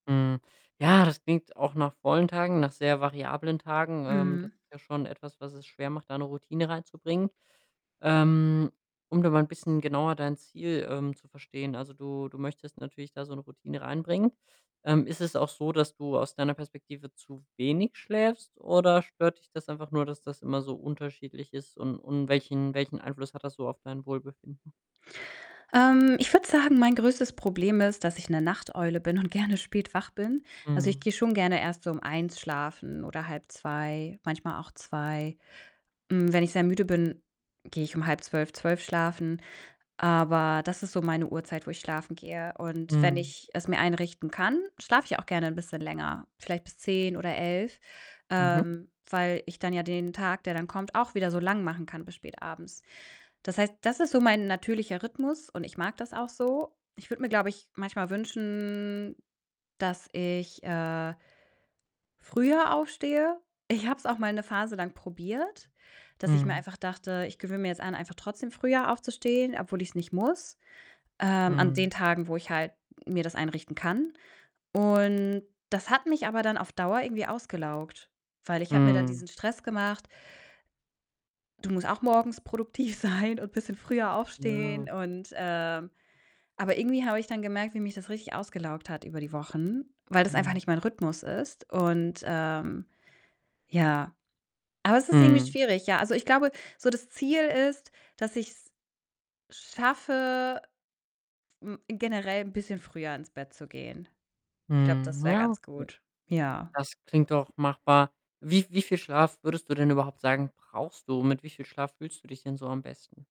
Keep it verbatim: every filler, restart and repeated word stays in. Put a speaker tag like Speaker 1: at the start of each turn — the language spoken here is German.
Speaker 1: Hm. Ja, das klingt auch nach vollen Tagen, nach sehr variablen Tagen. Ähm, das
Speaker 2: Mhm.
Speaker 1: ist ja schon etwas, was es schwer macht, da 'ne Routine reinzubringen. Ähm, um da mal 'n bisschen genauer dein Ziel, ähm, zu verstehen, also, du du möchtest natürlich da so 'ne Routine reinbringen. Ähm, ist es auch so, dass du aus deiner Perspektive zu wenig schläfst, oder stört dich das einfach nur, dass das immer so unterschiedlich ist, und und welchen welchen Einfluss hat das so auf dein Wohlbefinden?
Speaker 2: Ähm, ich würde sagen, mein größtes Problem ist, dass ich 'ne Nachteule bin und gerne spät wach bin. Also, ich
Speaker 1: Mhm.
Speaker 2: gehe schon gerne erst so um eins schlafen oder halb zwei, manchmal auch zwei. Hm, wenn ich sehr müde bin, gehe ich um halb zwölf, zwölf schlafen. Aber das ist so meine Uhrzeit, wo ich schlafen gehe und wenn
Speaker 1: Mhm.
Speaker 2: ich es mir einrichten kann, schlafe ich auch gerne 'n bisschen länger, vielleicht bis zehn oder elf,
Speaker 1: Mhm.
Speaker 2: ähm, weil ich dann ja den Tag, der dann kommt, auch wieder so lang machen kann bis spätabends. Das heißt, das ist so mein natürlicher Rhythmus und ich mag das auch so. Ich würde mir, glaube ich, manchmal wünschen, dass ich, äh früher aufstehe. Ich habe es auch mal 'ne Phase lang probiert, dass ich mir
Speaker 1: Mhm.
Speaker 2: einfach dachte: „Ich gewöhne mir jetzt an, einfach trotzdem früher aufzustehen, obwohl ich's nicht muss, ähm, an den
Speaker 1: Mhm.
Speaker 2: Tagen, wo ich halt mir das einrichten kann.“ Und das hat mich aber dann auf Dauer irgendwie ausgelaugt, weil ich habe mir da
Speaker 1: Mhm.
Speaker 2: diesen Stress gemacht: „Du musst auch morgens produktiv sein und bisschen früher
Speaker 1: Ja.
Speaker 2: aufstehen“, und, ähm aber irgendwie habe ich dann gemerkt, wie mich das richtig ausgelaugt hat über die Wochen, weil das einfach
Speaker 1: Mhm.
Speaker 2: nicht mein Rhythmus ist und, ähm, ja, aber es ist irgendwie
Speaker 1: Mhm.
Speaker 2: schwierig, ja. Also, ich glaube, so das Ziel ist, dass ich's schaffe, hm, generell 'n bisschen früher ins Bett zu gehen. Ich glaube,
Speaker 1: Mhm,
Speaker 2: das wäre
Speaker 1: ja,
Speaker 2: ganz
Speaker 1: okay.
Speaker 2: gut. Ja.
Speaker 1: Das klingt doch machbar. Wie v wie viel Schlaf würdest du denn überhaupt sagen, brauchst du? Mit wie viel Schlaf fühlst du dich denn so am besten?